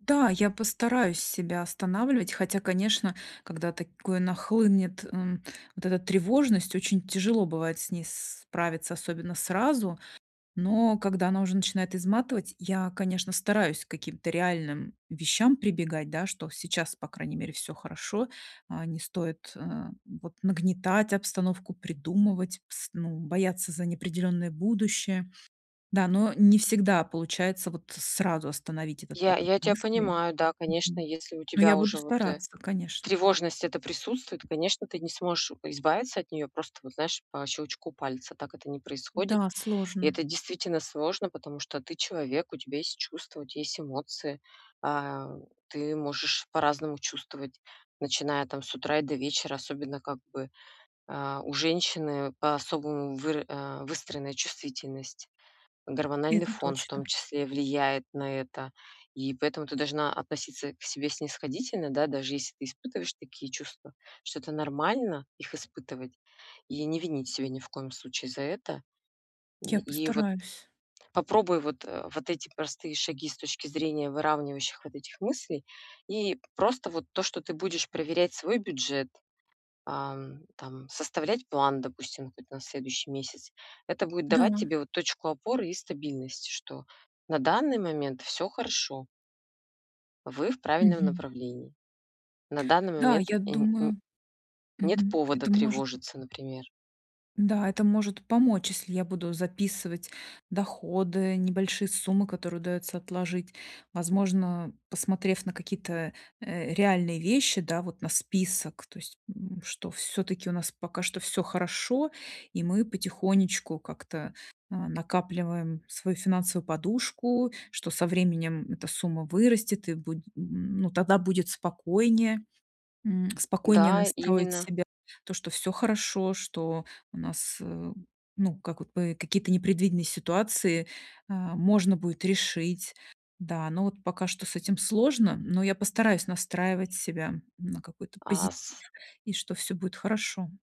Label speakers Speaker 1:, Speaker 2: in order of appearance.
Speaker 1: Да, я постараюсь себя останавливать, хотя, конечно, когда такое нахлынет, м, вот эта тревожность, очень тяжело бывает с ней справиться, особенно сразу, но когда она уже начинает изматывать, я, конечно, стараюсь к каким-то реальным вещам прибегать, да. Что сейчас, по крайней мере, всё хорошо, а, не стоит, э, вот нагнетать обстановку, придумывать, пс ну, бояться за неопределенное будущее. Да, но не всегда получается вот сразу остановить этот
Speaker 2: Я
Speaker 1: поток
Speaker 2: я тя
Speaker 1: мыслей,
Speaker 2: понимаю, да, конечно,
Speaker 1: мгм,
Speaker 2: если у
Speaker 1: но я
Speaker 2: тебя
Speaker 1: буду
Speaker 2: уже, вот, э,
Speaker 1: стараться, конечно.
Speaker 2: тревожность эта присутствует, конечно, ты не сможешь, э, избавиться от неё просто, вот, знаешь, по щелчку пальца. Так это не происходит.
Speaker 1: Да,
Speaker 2: И
Speaker 1: сложно.
Speaker 2: это действительно сложно, потому что ты человек, у тебя есть чувства, у тя есть эмоции. А, ты можешь по-разному чувствовать, начиная там с утра и до вечера, особенно, как бы, а, у женщины по-особому выра а, выстроенная чувствительность. Гормональный
Speaker 1: Это
Speaker 2: фон в том
Speaker 1: точно.
Speaker 2: числе влияет на это. И поэтому ты должна относиться к себе снисходительно, да, даже если ты испытываешь такие чувства, что это нормально их испытывать, и не винить себя ни в коем случае за это.
Speaker 1: Я
Speaker 2: И и вот
Speaker 1: постараюсь.
Speaker 2: попробуй вот, э, вот эти простые шаги с точки зрения выравнивающих вот этих мыслей. И просто вот то, что ты будешь проверять свой бюджет, ам, там, составлять план, допустим, какой-то на следующий месяц. Это будет
Speaker 1: Да.
Speaker 2: давать тебе, вот, точку опоры и стабильность, что на данный момент всё хорошо вы в правильном
Speaker 1: Мгм.
Speaker 2: направлении. На данный
Speaker 1: Да,
Speaker 2: момент, э,
Speaker 1: я
Speaker 2: нь н
Speaker 1: думаю,
Speaker 2: нет
Speaker 1: мгм,
Speaker 2: повода
Speaker 1: это может
Speaker 2: тревожиться, например.
Speaker 1: Да, это может помочь, если я буду записывать доходы, небольшие суммы, которые удаётся отложить. Возможно, посмотрев на какие-то, э, реальные вещи, да вот на список, то есть, м, что всё-таки у нас пока что всё хорошо, и мы потихонечку как-то, а, накапливаем свою финансовую подушку, что со временем эта сумма вырастет и будет, м, ну, тогда будет спокойнее, м, спокойнее
Speaker 2: Да,
Speaker 1: настроить
Speaker 2: именно.
Speaker 1: себя. То, что всё хорошо, что у нас, э, ну, как вот, п какие-то непредвиденные ситуации, а, можно будет решить. Да, но вот пока что с этим сложно, но я постараюсь настраивать себя на какой-то
Speaker 2: А
Speaker 1: позитив
Speaker 2: с
Speaker 1: и что всё будет хорошо.